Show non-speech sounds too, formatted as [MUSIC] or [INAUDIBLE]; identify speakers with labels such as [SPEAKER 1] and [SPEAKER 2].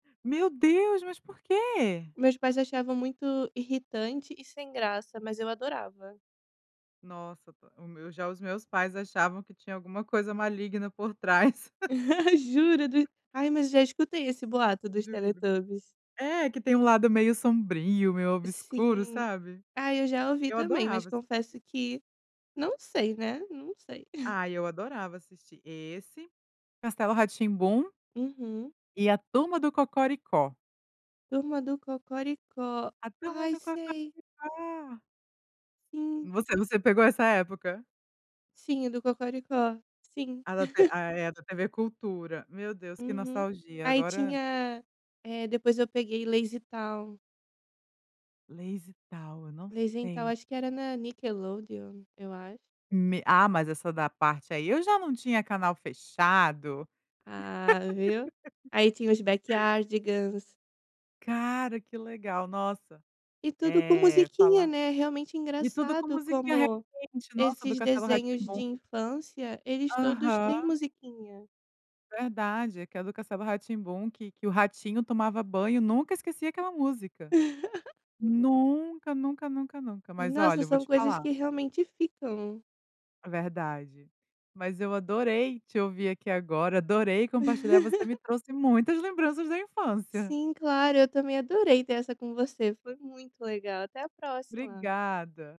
[SPEAKER 1] Meu Deus, mas por quê?
[SPEAKER 2] Meus pais achavam muito irritante e sem graça, mas eu adorava.
[SPEAKER 1] Nossa, p o meu já os meus pais achavam que tinha alguma coisa maligna por trás.
[SPEAKER 2] [LAUGHS] Juro do
[SPEAKER 1] [LAUGHS]
[SPEAKER 2] ai, mas já escutei esse boato dos
[SPEAKER 1] Juro.
[SPEAKER 2] Teletubbies.
[SPEAKER 1] É, que tem um lado meio sombrio, meio obscuro,
[SPEAKER 2] Sim.
[SPEAKER 1] sabe.
[SPEAKER 2] Ai, eu já ouvi
[SPEAKER 1] Eu
[SPEAKER 2] também. Mas,
[SPEAKER 1] adorava
[SPEAKER 2] confesso
[SPEAKER 1] assistir.
[SPEAKER 2] que não sei, né, não sei. [LAUGHS]
[SPEAKER 1] Ai, eu adorava assistir esse, Castelo Rá-Tim-Bum
[SPEAKER 2] Uhum.
[SPEAKER 1] e a Turma do Cocoricó.
[SPEAKER 2] Turma do Cocoricó.
[SPEAKER 1] A Turma
[SPEAKER 2] Ai,
[SPEAKER 1] do
[SPEAKER 2] sei.
[SPEAKER 1] Cocoricó.
[SPEAKER 2] Sim.
[SPEAKER 1] Você você pegou essa época?
[SPEAKER 2] Sim, a do Cocoricó. Sim.
[SPEAKER 1] A da t
[SPEAKER 2] [LAUGHS]
[SPEAKER 1] a é, da TV Cultura. Meu Deus, que
[SPEAKER 2] Uhum.
[SPEAKER 1] nostalgia.
[SPEAKER 2] Aí
[SPEAKER 1] Agora
[SPEAKER 2] tinha, eh, depois eu peguei LazyTown.
[SPEAKER 1] LazyTown, eu não
[SPEAKER 2] Lazy então,
[SPEAKER 1] sei.
[SPEAKER 2] acho que era na Nickelodeon, eu acho.
[SPEAKER 1] Me ah, mas essa da parte aí, eu já não tinha canal fechado.
[SPEAKER 2] Ah, viu. Aí tinha os
[SPEAKER 1] [LAUGHS]
[SPEAKER 2] Backyardigans.
[SPEAKER 1] Cara, que legal, nossa.
[SPEAKER 2] E tudo com
[SPEAKER 1] Eh,
[SPEAKER 2] musiquinha,
[SPEAKER 1] fala
[SPEAKER 2] né, realmente
[SPEAKER 1] e tudo com
[SPEAKER 2] engraçado
[SPEAKER 1] musiquinha
[SPEAKER 2] como
[SPEAKER 1] realmente nossa, do
[SPEAKER 2] esses
[SPEAKER 1] Castelo
[SPEAKER 2] desenhos de
[SPEAKER 1] Rá-Tim-Bum.
[SPEAKER 2] infância, eles todos
[SPEAKER 1] Aham.
[SPEAKER 2] têm musiquinha.
[SPEAKER 1] Verdade. É que a do Castelo Rá-Tim-Bum, que que o ratinho tomava banho, nunca esqueci aquela música.
[SPEAKER 2] [LAUGHS]
[SPEAKER 1] Nunca, nunca, nunca, nunca. Mas,
[SPEAKER 2] Nossa,
[SPEAKER 1] olha, eu vou
[SPEAKER 2] são
[SPEAKER 1] te
[SPEAKER 2] coisas
[SPEAKER 1] falar.
[SPEAKER 2] que realmente ficam.
[SPEAKER 1] É verdade. Mas eu adorei te ouvir aqui agora, adorei compartilhar você me
[SPEAKER 2] [LAUGHS]
[SPEAKER 1] trouxe muitas lembranças da infância.
[SPEAKER 2] Sim, claro, eu também adorei ter essa com você. Foi muito legal. Até a próxima.
[SPEAKER 1] Obrigada.